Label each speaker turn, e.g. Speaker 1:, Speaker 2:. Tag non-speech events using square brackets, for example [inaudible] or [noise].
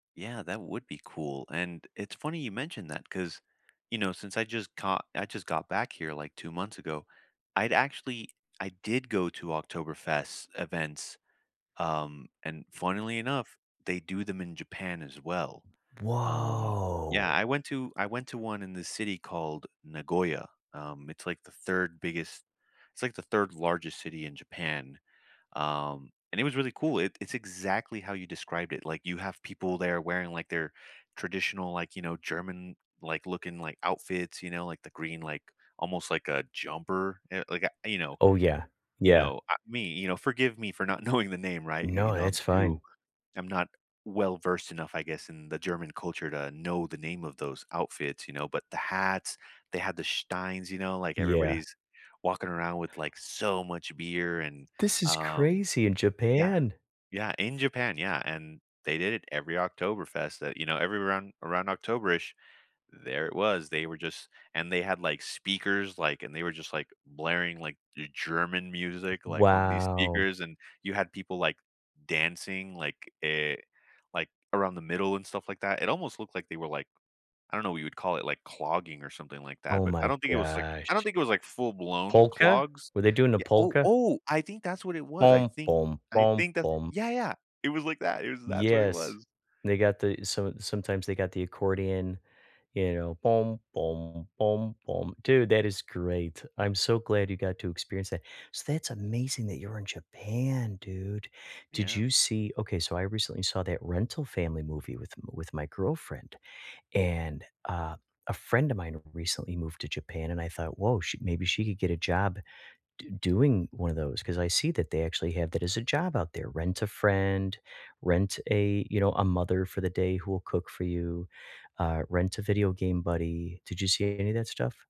Speaker 1: Yeah, that would be cool. And, it's funny you mentioned that, 'cause, you know, since I just caught I just got back here, like, 2 months ago, I'd actually I did go to Oktoberfest events, um, and funnily enough, they do them in Japan, as well. Um, yeah,
Speaker 2: Whoa!
Speaker 1: I went to I went to 1 in the city called Nagoya, um, it's like the 3rd biggest it's like the 3rd largest city in Japan, um, and it was really cool, it it's exactly how you described it, like, you have people there wearing, like, their traditional, like, you know, German, like, looking, like, outfits, you know, like, the green, like, almost like a jumper, y like a you know
Speaker 2: Oh, yeah.
Speaker 1: you
Speaker 2: Yeah.
Speaker 1: know, uh me you know, forgive me for not knowing the name, right? You you
Speaker 2: No,
Speaker 1: know, I'm
Speaker 2: it's fine.
Speaker 1: too I'm not well-versed enough, I guess, in the German culture to know the name of those outfits, you know? But, the hats, they had the steins, you know? Like,
Speaker 2: Yeah.
Speaker 1: everybody's walking around with, like, so much beer, and,
Speaker 2: This is
Speaker 1: um
Speaker 2: crazy! In
Speaker 1: yeah.
Speaker 2: Japan?
Speaker 1: Yeah, in Japan, yeah, and they did it every Oktoberfest that, you know, every around around October-ish, there it was, they were just and they had, like, speakers, like, and they were just, like, blaring, like, G German music, like, on these
Speaker 2: Wow.
Speaker 1: speakers, and you had people, like, dancing, like, e like, around the middle, and stuff like that. It almost looked like they were, like, I don't know what you would call it, like, clogging, or something like that,
Speaker 2: Oh,
Speaker 1: but I
Speaker 2: my
Speaker 1: don't think it was, like I don't
Speaker 2: gosh.
Speaker 1: think it was, like, full-blown
Speaker 2: Polka?
Speaker 1: clogs.
Speaker 2: Were they doing the
Speaker 1: Ye oh!
Speaker 2: polka?
Speaker 1: Oh! I think that's what it was. I think I think that
Speaker 2: [humming]
Speaker 1: yeah, yeah. It was like that it was that's what it
Speaker 2: Yes.
Speaker 1: was.
Speaker 2: They got the so, sometimes they got the accordion, you know. [humming] Dude, that is great. I'm so glad you got to experience that so that's amazing that you were in Japan, dude. Did
Speaker 1: Yeah.
Speaker 2: you see okay, so I recently saw that Rental Family movie with with my girlfriend, and a a friend of mine recently moved to Japan, and I thought, "Whoa, she maybe she could get a job d doing one of those," 'cause I see that they actually have that as a job out there, rent-a-friend, rent-a you know, a-mother-for-the-day-who-will-cook-for-you, uh, rent-a-video-game-buddy. Did you see any of that stuff?